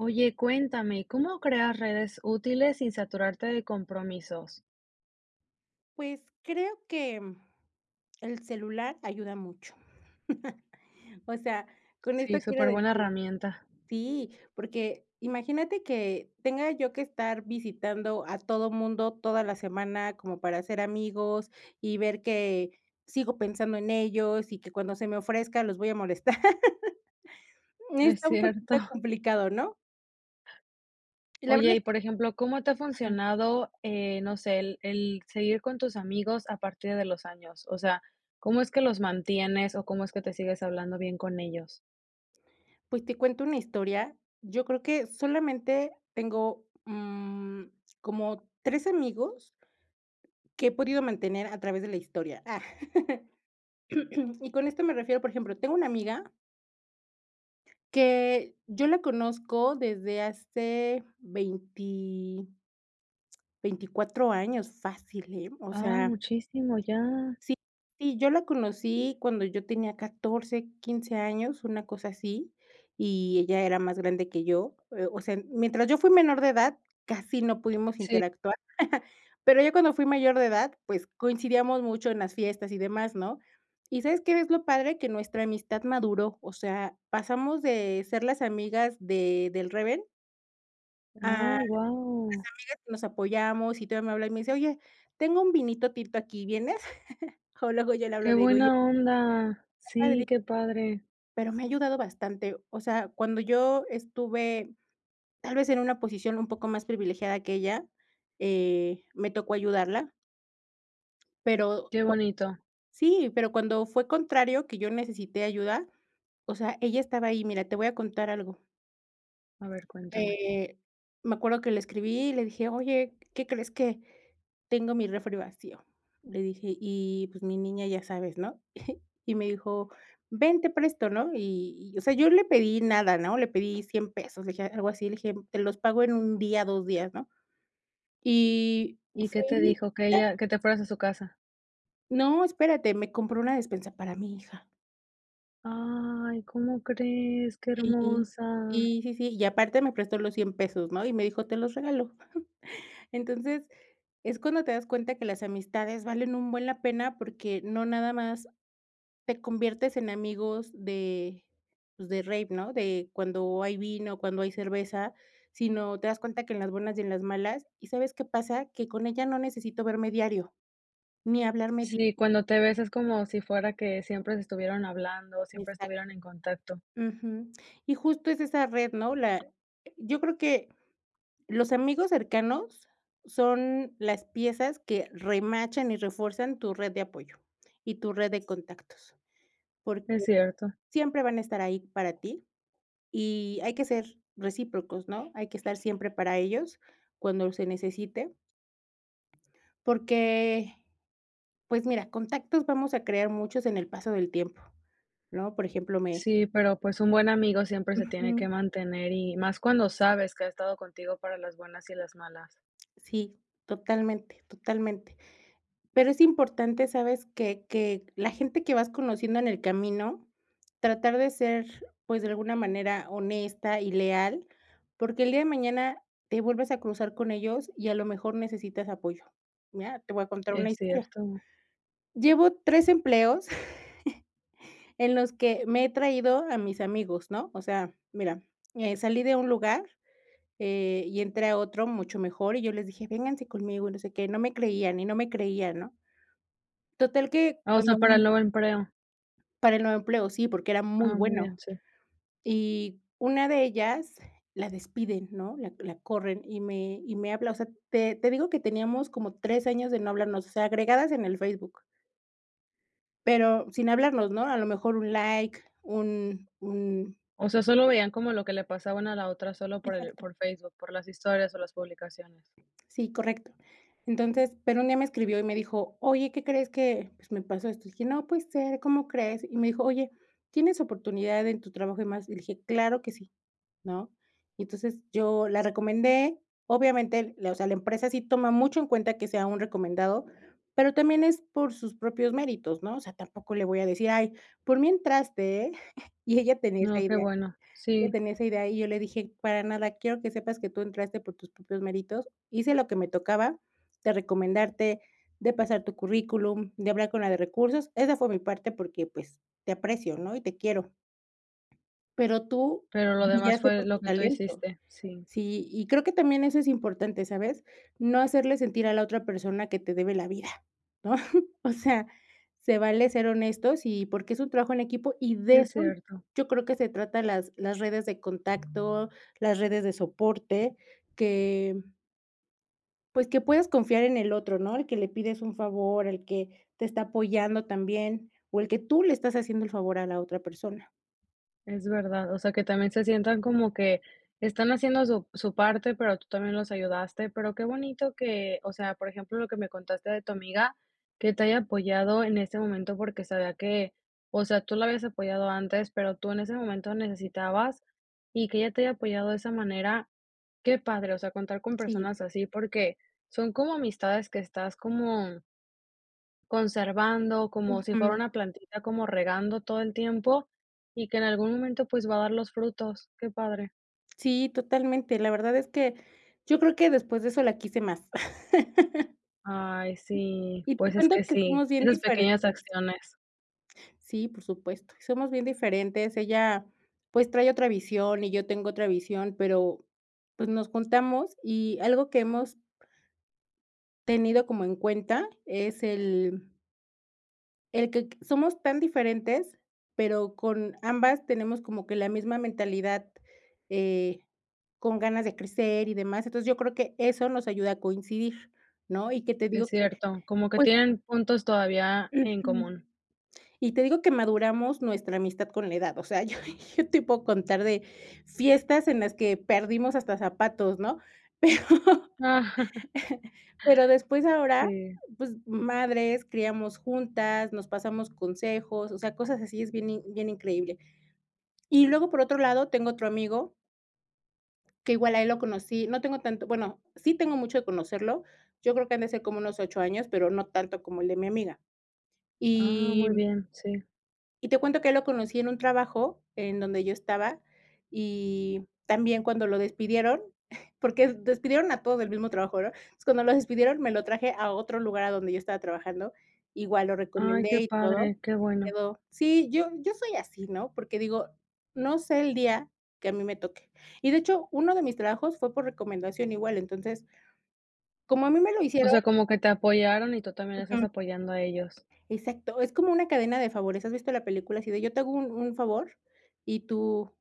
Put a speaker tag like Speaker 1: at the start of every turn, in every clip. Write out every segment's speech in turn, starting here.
Speaker 1: Oye, cuéntame, ¿cómo creas redes útiles sin saturarte de compromisos?
Speaker 2: Pues, creo que, mm, el celular ayuda mucho. O sea, con
Speaker 1: Sí,
Speaker 2: esto quiero decir
Speaker 1: superbuena herramienta.
Speaker 2: Sí, porque, imagínate que tenga yo que estar visitando a todo mundo, toda la semana como para ser amigos y ver que sigo pensando en ellos, y que cuando se me ofrezca los voy a molestar.
Speaker 1: Es
Speaker 2: Está un
Speaker 1: cierto.
Speaker 2: poquito complicado, ¿no? Y la verdad
Speaker 1: Oye, y
Speaker 2: es
Speaker 1: por ejemplo, ¿cómo te ha
Speaker 2: Ajá.
Speaker 1: funcionado, eh, no sé, el el seguir con tus amigos a partir de los años? O sea, ¿cómo es que los mantienes, o cómo es que te sigues hablando bien con ellos?
Speaker 2: Pues, ¿te cuento una historia? Yo creo que solamente tengo, mm, como 3 amigos que he podido mantener a través de la historia. Ah. Y con esto me refiero, por ejemplo, tengo una amiga que yo la conozco desde hace veinti 24, años, fácil, ¿eh?, o
Speaker 1: Ay,
Speaker 2: sea
Speaker 1: muchísimo ya.
Speaker 2: sí, sí, yo la conocí cuando yo tenía 14, 15 años, una cosa así, y ella era más grande que yo, eh, o sea, mientras yo fui menor de edad, casi no pudimos
Speaker 1: Sí.
Speaker 2: interactuar pero, ya cuando fui mayor de edad, pues, coincidíamos mucho en las fiestas y demás, ¿no? ¿Y sabes qué es lo padre? Que nuestra amistad maduró, o sea, pasamos de ser las amigas de del reven a las
Speaker 1: Ay,
Speaker 2: amigas
Speaker 1: wao.
Speaker 2: que nos apoyamos, y todavía me habla y me dice: "Oye, tengo un vinito tinto aquí, ¿vienes?" O luego yo le hablo,
Speaker 1: Qué
Speaker 2: le digo: "Oye"
Speaker 1: buena onda.
Speaker 2: que
Speaker 1: Sí,
Speaker 2: padre
Speaker 1: qué padre.
Speaker 2: Pero, me ha ayudado bastante. O sea, cuando yo estuve, tal vez, en una posición un poco más privilegiada que ella, eh, me tocó ayudarla pero,
Speaker 1: Qué
Speaker 2: co
Speaker 1: bonito.
Speaker 2: Sí, pero cuando fue contrario que yo necesité ayuda, o sea, ella estaba ahí. Mira, te voy a contar algo
Speaker 1: A ver, cuéntame.
Speaker 2: Eh, me acuerdo que le escribí y le dije: "Oye, ¿qué crees?, que tengo mi refri vacío", y le dije: "Y pues, mi niña ya sabes, ¿no?" Y me dijo: "Ven, te presto, ¿no?" Y y o sea, yo le pedí nada, ¿no? Le pedí 100 pesos, le dije, algo así, le dije: "Te los pago en 1 día, 2 días, ¿no?" Y
Speaker 1: ¿Y qué
Speaker 2: fue
Speaker 1: te
Speaker 2: y
Speaker 1: dijo? Que
Speaker 2: te
Speaker 1: ella que te fueras a su casa.
Speaker 2: No, espérate, me compró una despensa para mi hija.
Speaker 1: Ay, ¿cómo crees? Qué
Speaker 2: Sí.
Speaker 1: hermosa.
Speaker 2: Sí, sí, sí, y aparte me prestó los 100 pesos, ¿no?, y me dijo: "Te los regalo". Entonces, es cuando te das cuenta que las amistades valen un buen la pena, porque, no nada más te conviertes en amigos de, pues de rave, ¿no? De cuando hay vino, cuando hay cerveza, sino te das cuenta que en las buenas y en las malas, ¿y sabes qué pasa? Que con ella no necesito verme diario ni hablarme di
Speaker 1: Sí, cuando te ves es como si fuera que siempre se estuvieron hablando, siempre
Speaker 2: Exacto.
Speaker 1: estuvieran en contacto.
Speaker 2: Ujú. Y justo es esa red, ¿no?, la yo creo que, los amigos cercanos son las piezas que remachan y refuerzan tu red de apoyo, y tu red de contactos. Porque,
Speaker 1: Es cierto.
Speaker 2: siempre van a estar ahí para ti y hay que ser recíprocos, ¿no? Hay que estar siempre para ellos cuando se necesite porque, pues mira, contactos vamos a crear muchos en el paso del tiempo, ¿no? Por ejemplo, me
Speaker 1: Sí, pero pues, un buen amigo siempre se tiene que
Speaker 2: Ujú.
Speaker 1: mantener y más cuando sabes que ha estado contigo para las buenas y las malas.
Speaker 2: Sí, totalmente, totalmente. Pero, es importante, ¿sabes?, que que la gente que vas conociendo en el camino, tratar de ser, pues, de alguna manera honesta y leal, porque, el día de mañana te vuelves a cruzar con ellos y a lo mejor necesitas apoyo, ¿ya? Te voy a contar una
Speaker 1: Es
Speaker 2: historia.
Speaker 1: cierto.
Speaker 2: Llevo 3 empleos en los que me he traído a mis amigos, ¿no? O sea, mira, eh, salí de un lugar, eh, y entré a otro mucho mejor, y yo les dije: "Vénganse conmigo, no sé qué", no me creían, y no me creían, ¿no? Total que
Speaker 1: Ah, osea,
Speaker 2: cuando
Speaker 1: para el
Speaker 2: un
Speaker 1: nuevo empleo.
Speaker 2: Para el nuevo empleo, sí, porque, era muy
Speaker 1: Ah, muy bien,
Speaker 2: bueno,
Speaker 1: sí.
Speaker 2: y una de ellas la despiden, ¿no?, la la corren y me y me habla, o sea, te te digo que teníamos como 3 años de no hablarnos, o sea, agregadas en el Facebook pero, sin hablarnos, ¿no?, a lo mejor un like, un un
Speaker 1: O sea, solo veían como lo que le pasaban a la otra solo por el
Speaker 2: Exacto.
Speaker 1: por Facebook, por las historias o las publicaciones.
Speaker 2: Sí, correcto, entonces pero, un día me escribió y me dijo: "Oye, ¿qué crees?, que, pues, me pasó esto", dije: "No, puede ser, ¿cómo crees?". Y me dijo: "Oye, ¿tienes oportunidad en tu trabajo y demás?" Y le dije: "Claro que sí," ¿no? Y entonces, yo la recomendé, obviamente la, o sea, la empresa sí toma mucho en cuenta que sea un recomendado, pero, también es por sus propios méritos, ¿no? O sea, tampoco le voy a decir: "Ay, por mí entraste, ¿eh?" Y ella tenía esa
Speaker 1: No, qué
Speaker 2: idea.
Speaker 1: bueno, sí.
Speaker 2: Ella tenía esa idea, y yo le dije: "Para nada, quiero que sepas que tú entraste por tus propios méritos, hice lo que me tocaba, de recomendarte, de pasar tu currículum, de hablar con la de recursos. Esa fue mi parte porque, pues, te aprecio, ¿no? Y te quiero" "pero tú,
Speaker 1: Pero lo demás,
Speaker 2: brillaste
Speaker 1: fue
Speaker 2: por
Speaker 1: lo
Speaker 2: tu
Speaker 1: que tú
Speaker 2: talento".
Speaker 1: hiciste, sí.
Speaker 2: Sí, y creo que también eso es importante, ¿sabes? No hacerle sentir a la otra persona que te debe la vida, ¿no? O sea, se vale ser honestos y porque, es un trabajo en equipo, y de
Speaker 1: Es
Speaker 2: eso,
Speaker 1: cierto.
Speaker 2: yo creo que se trata las las redes de contacto, las redes de soporte, que pues que, puedes confiar en el otro, ¿no?, el que le pides un favor, el que te está apoyando también, o el que tú le estás haciendo el favor a la otra persona.
Speaker 1: Es verdad, o sea, que también se sientan como que están haciendo su su parte pero, tú también los ayudaste, pero, qué bonito que, o sea, por ejemplo, lo que me contaste de tu amiga, que te haya apoyado en ese momento, porque, sabía que, o sea, tú la habías apoyado antes, pero tú en ese momento necesitabas y que ella te haya apoyado de esa manera, qué padre, o sea, contar con
Speaker 2: Sí.
Speaker 1: personas así, porque, son como amistades que estás como conservando, como si fuera
Speaker 2: Ujú.
Speaker 1: una plantita como regando todo el tiempo y que en algún momento, pues, va a dar los frutos. Qué padre.
Speaker 2: Sí, totalmente, la verdad es que yo creo que después de eso la quise más.
Speaker 1: Ay, sí,
Speaker 2: Y te
Speaker 1: pues, es
Speaker 2: cuento
Speaker 1: que
Speaker 2: que
Speaker 1: sí.
Speaker 2: somos bien
Speaker 1: Esas pequeñas
Speaker 2: diferentes.
Speaker 1: acciones.
Speaker 2: Sí, por supuesto, somos bien diferentes. Ella, pues, trae otra visión y yo tengo otra visión, pero, pues, nos juntamos y algo que hemos tenido como en cuenta es el el quec somos tan diferentes pero, con ambas tenemos como que la misma mentalidad, eh, con ganas de crecer y demás. Entonces, yo creo que eso nos ayuda a coincidir, ¿no? Y que te
Speaker 1: Es
Speaker 2: digo que,
Speaker 1: cierto, como que
Speaker 2: pues
Speaker 1: tienen puntos todavía en
Speaker 2: Ujú.
Speaker 1: común.
Speaker 2: Y te digo que maduramos nuestra amistad con la edad, o sea, yo yo te puedo contar de fiestas en las que perdimos hasta zapatos, ¿no? Pero, pero después ahora,
Speaker 1: Sí.
Speaker 2: pues, madres, criamos juntas, nos pasamos consejos, o sea, cosas así es bien in bien increíble. Y luego, por otro lado, tengo otro amigo que igual a él lo conocí. No tengo tanto, bueno, sí tengo mucho de conocerlo, yo creo que han de ser como unos 8 años, pero, no tanto como el de mi amiga.
Speaker 1: Ah,
Speaker 2: Y,
Speaker 1: muy
Speaker 2: mm
Speaker 1: bien, sí.
Speaker 2: y te cuento que a él lo conocí en un trabajo en donde yo estaba, y también cuando lo despidieron, porque, despidieron a todos del mismo trabajo, ¿verdad? Entonces cuando lo despidieron, me lo traje a otro lugar a donde yo estaba trabajando, igual lo
Speaker 1: Ay,
Speaker 2: recomendé
Speaker 1: qué
Speaker 2: y todo
Speaker 1: padre,
Speaker 2: y
Speaker 1: qué
Speaker 2: se
Speaker 1: bueno.
Speaker 2: quedó. Sí, yo yo soy así, ¿no? Porque digo, no sé el día que a mí me toque, y, de hecho, 1 de mis trabajos fue por recomendación igual, entonces, como a mí me lo
Speaker 1: O
Speaker 2: hicieron
Speaker 1: sea, como que te apoyaron, y tú también estás
Speaker 2: Ujú.
Speaker 1: apoyando a ellos.
Speaker 2: Exacto, es como una cadena de favores, ¿has visto la película así de yo te hago un un favor y tú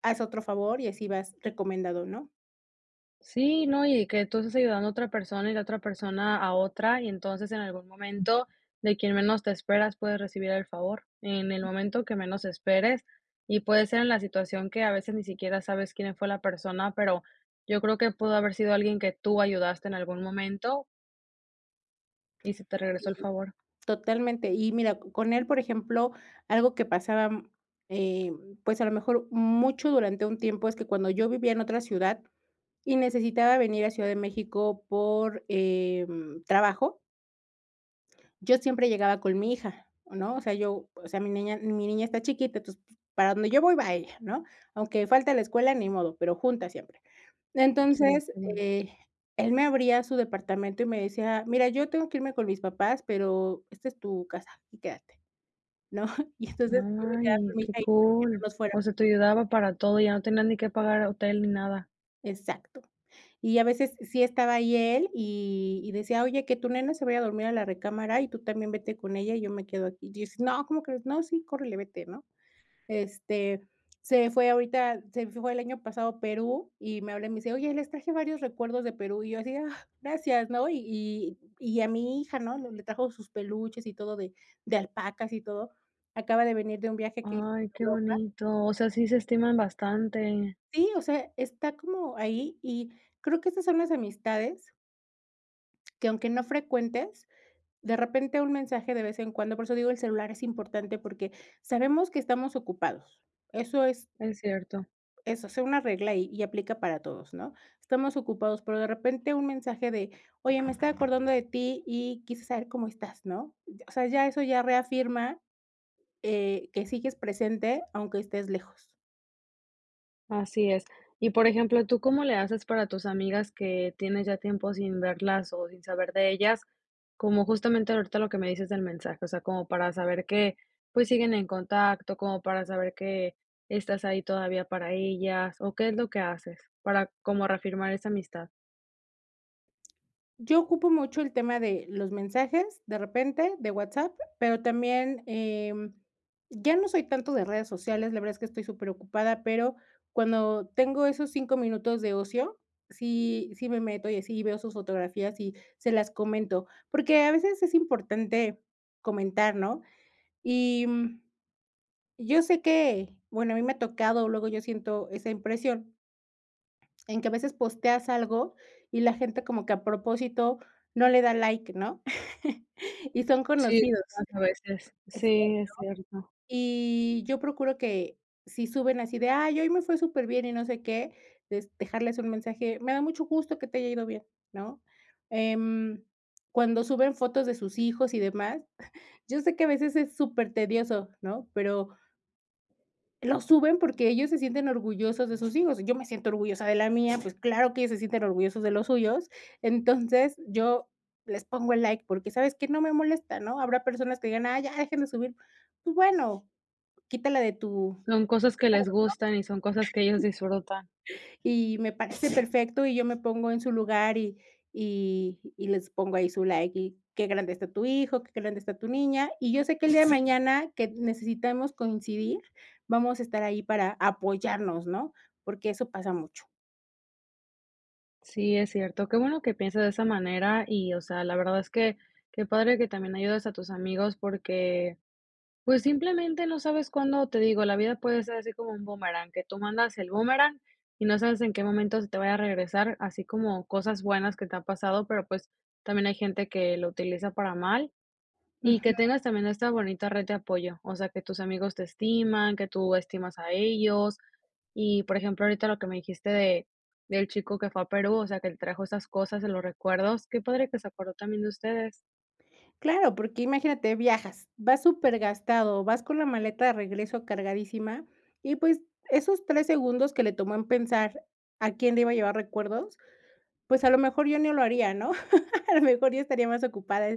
Speaker 2: haz otro favor, y así vas recomendado, ¿no?
Speaker 1: Sí, no, y que tú estás ayudando a otra persona y la otra persona a otra, y entonces, en algún momento, de quien menos te esperas puedes recibir el favor. En el momento que menos esperes, y puede ser en la situación que a veces ni siquiera sabes quién fue la persona, pero, yo creo que pudo haber sido alguien que tú ayudaste en algún momento y se te regresó
Speaker 2: Sí.
Speaker 1: el favor.
Speaker 2: Totalmente y, mira, co con él, por ejemplo, algo que pasaba, mm, eh, pues, a lo mejor, mucho durante un tiempo es que cuando yo vivía en otra ciudad y necesitaba venir a Ciudad de México por, em, trabajo yo siempre llegaba con mi hija, ¿no? O sea, yo, o sea, mi niña mi niña está chiquita, entonces, pues, para donde yo voy va ella, ¿no? Aunque falte la escuela, ni modo, pero, juntas siempre.
Speaker 1: Sí,
Speaker 2: Entonces,
Speaker 1: qué bueno.
Speaker 2: eh, él me abría su departamento y me decía: "Mira, yo tengo que irme con mis papás, pero, esta es tu casa y quédate", ¿no? Y entonces, yo me quedaba con
Speaker 1: Ay,
Speaker 2: mi hija
Speaker 1: qué
Speaker 2: ahí para que no
Speaker 1: cool.
Speaker 2: nos fuera
Speaker 1: O sea, te ayudaba para todo, ya no tenías ni que pagar hotel ni nada.
Speaker 2: Exacto. Y a veces sí estaba ahí él y y decía: "Oye, que tu nena se vaya a dormir a la recámara, y tú también vete con ella, y yo me quedo aquí". Yo decía: "No, ¿cómo crees?" 'No, sí, córrele, vete, ¿no?'". Este, se fue ahorita se fue el año pasado a Perú y me habla y me dice: "Oye, les traje varios recuerdos de Perú". Y yo así de: "Ah, gracias", ¿no? Y y y a mi hija, ¿no?, le le trajo sus peluches y todo de de alpacas y todo. Acaba de venir de un viaje que hizo
Speaker 1: Ay,
Speaker 2: por
Speaker 1: qué
Speaker 2: Europa.
Speaker 1: bonito. O sea, sí se estiman bastante.
Speaker 2: Sí, o sea, está como ahí y creo que esas son las amistades que, aunque no frecuentes, de repente un mensaje de vez en cuando por eso digo, el celular es importante, porque, sabemos que estamos ocupados. Eso es
Speaker 1: Es cierto.
Speaker 2: eso, sea una regla y y aplica para todos, ¿no? Estamos ocupados, pero, de repente un mensaje de: "Oye, me estaba acordando de ti y quise saber cómo estás, ¿no?" Ya o sea, ya eso ya reafirma, eh, que sigues presente aunque estés lejos.
Speaker 1: Así es. Y, por ejemplo, ¿tú cómo le haces para tus amigas que tienes ya tiempo sin verlas o sin saber de ellas? Como justamente ahorita lo que me dices del mensaje, o sea, como para saber que, pues, siguen en contacto, como para saber que estás ahí todavía para ellas, o ¿qué es lo que haces para como reafirmar esa amistad?
Speaker 2: Yo ocupo mucho el tema de los mensajes, de repente, de WhatsApp, pero también, eh, ya no soy tanto de redes sociales. La verdad es que estoy superocupada, pero cuando tengo esos 5 minutos de ocio, sí sí me meto y así veo sus fotografías y se las comento. Porque a veces es importante comentar, ¿no? Y mm, yo sé que, bueno, a mí me ha tocado, luego yo siento esa impresión en que a veces posteas algo y la gente como que a propósito no le da like, ¿no? Y son
Speaker 1: Sí,
Speaker 2: conocidos.
Speaker 1: pasa a veces.
Speaker 2: [unintelligible]
Speaker 1: Sí, es cierto.
Speaker 2: Y yo procuro que si suben así, de: "Ay, hoy me fue superbién y no sé qué", es dejarles un mensaje. Me da mucho gusto que te haya ido bien, ¿no? Em. Cuando suben fotos de sus hijos y demás, yo sé que a veces es supertedioso, ¿no? Pero lo suben porque ellos se sienten orgullosos de sus hijos. Yo me siento orgullosa de la mía, pues, claro que ellos se sienten orgullosos de los suyos. Entonces, yo les pongo el like porque, ¿sabes qué? No me molesta ¿no? Habrá personas que digan: "Ay, ya dejen de subir", pues bueno, quítala de tu de
Speaker 1: Son cosas que
Speaker 2: tu muro,
Speaker 1: les gustan y son cosas que ellos
Speaker 2: ¿no?
Speaker 1: disfrutan.
Speaker 2: Y me parece perfecto y yo me pongo en su lugar y y y les pongo ahí su like y qué grande está tu hijo, que qué grande está tu niña, y yo sé que el día de mañana que necesitemos coincidir, vamos a estar ahí para apoyarnos, ¿no? Porque eso pasa mucho.
Speaker 1: Sí, es cierto. Qué bueno que pienses de esa manera y, o sea, la verdad es que qué padre que también ayudes a tus amigos porque, pues, simplemente no sabes cuándo Te digo, la vida puede ser así como un bumerán, que tú mandas el bumerán, y no sabes en qué momento se te vaya a regresar. Así como cosas buenas que te ha pasado, pero, pues, también hay gente que lo utiliza para mal, y
Speaker 2: Ujú.
Speaker 1: que tengas también esta bonita red de apoyo, o sea, que tus amigos te estiman, que tú estimas a ellos, y, por ejemplo, ahorita lo que me dijiste de del chico que fue a Perú, o sea, que el trajo esas cosas en los recuerdos. Qué padre que se acordó también de ustedes.
Speaker 2: Claro, porque imagínate, viajas, vas supergastado, vas con la maleta de regreso cargadísima, y, pues, esos 3 segundos que le tomó en pensar a quién le iba a llevar recuerdos, pues, a lo mejor yo ni lo haría, ¿no? A lo mejor yo estaría más ocupada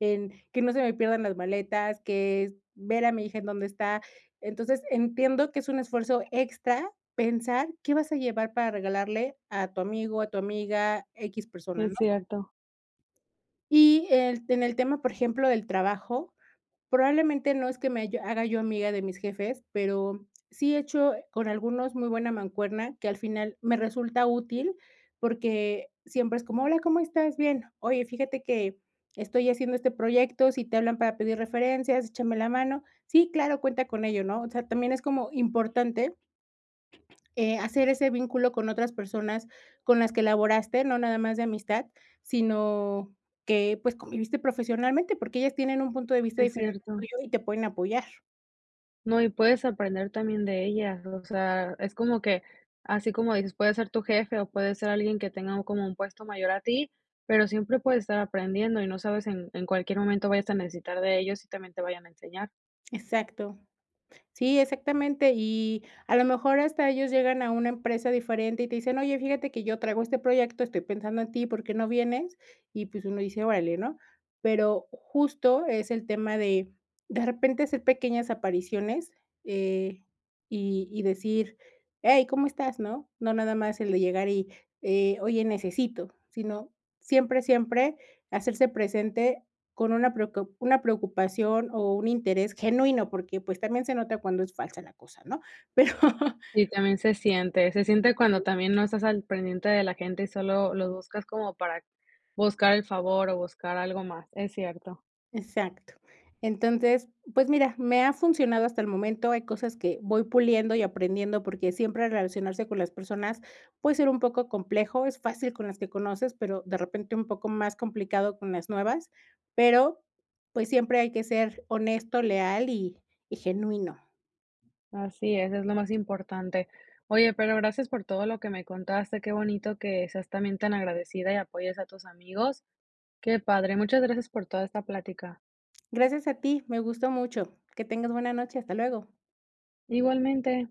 Speaker 2: en que no se me pierdan las maletas, que ver a mi hija en dónde está. Entonces, entiendo que es un esfuerzo extra pensar qué vas a llevar para regalarle a tu amigo, a tu amiga, equis persona,
Speaker 1: Es
Speaker 2: ¿no?
Speaker 1: cierto.
Speaker 2: Y, eh, en el tema, por ejemplo, del trabajo, probablemente no es que me haya haga yo amiga de mis jefes, pero sí he hecho con algunos muy buena mancuerna que al final me resulta útil porque siempre es como: "Hola, ¿cómo estás? 'Bien'. Oye, fíjate que estoy haciendo este proyecto, si te hablan para pedir referencias, échame la mano. 'Sí, claro, cuenta con ello,'" ¿no? O sea, también es como importante, eh, hacer ese vínculo con otras personas con las que laboraste, no nada más de amistad, sino que, pues, conviviste profesionalmente, porque ellas tienen un punto de vista
Speaker 1: Es
Speaker 2: diferente al
Speaker 1: cierto.
Speaker 2: tuyo y te pueden apoyar.
Speaker 1: No, y puedes aprender también de ella, o sea, es como que, así como dices, puede ser tu jefe o puede ser alguien que tenga como un puesto mayor a ti, pero siempre puedes estar aprendiendo y no sabes en en cualquier momento vayas a necesitar de ellos y también te vayan a enseñar.
Speaker 2: Exacto. Sí, exactamente, y a lo mejor hasta ellos llegan a una empresa diferente y te dicen: "Oye, fíjate que yo traigo este proyecto, estoy pensando en ti, ¿por qué no vienes?" Y, pues, uno dice: "Orale, ¿no?" Pero justo es el tema de de repente hacer pequeñas apariciones, eh, y y decir: "Ey, ¿cómo estás?", ¿no? No nada más el de llegar y, eh: "Oye, necesito", sino siempre, siempre hacerse presente con una preocu una preocupación o un interés genuino porque, pues, también se nota cuando es falsa la cosa, ¿no? Pero
Speaker 1: Y también se siente, se siente cuando también no estás al pendiente de la gente y solo los buscas como para buscar el favor o buscar algo más, es cierto.
Speaker 2: Exacto. Entonces, pues mira, me ha funcionado hasta el momento. Hay cosas que voy puliendo y aprendiendo porque siempre relacionarse con las personas puede ser un poco complejo. Es fácil con las que conoces, pero de repente un poco más complicado con las nuevas. Pero, pues, siempre hay que ser honesto, leal, y y genuino.
Speaker 1: Así es, es lo más importante. Oye, pero gracias por todo lo que me contaste, qué bonito que seas también tan agradecida y apoyes a tus amigos. Qué padre, muchas gracias por toda esta plática.
Speaker 2: Gracias a ti, me gustó mucho. Que tengas buena noche, hasta luego.
Speaker 1: Igualmente.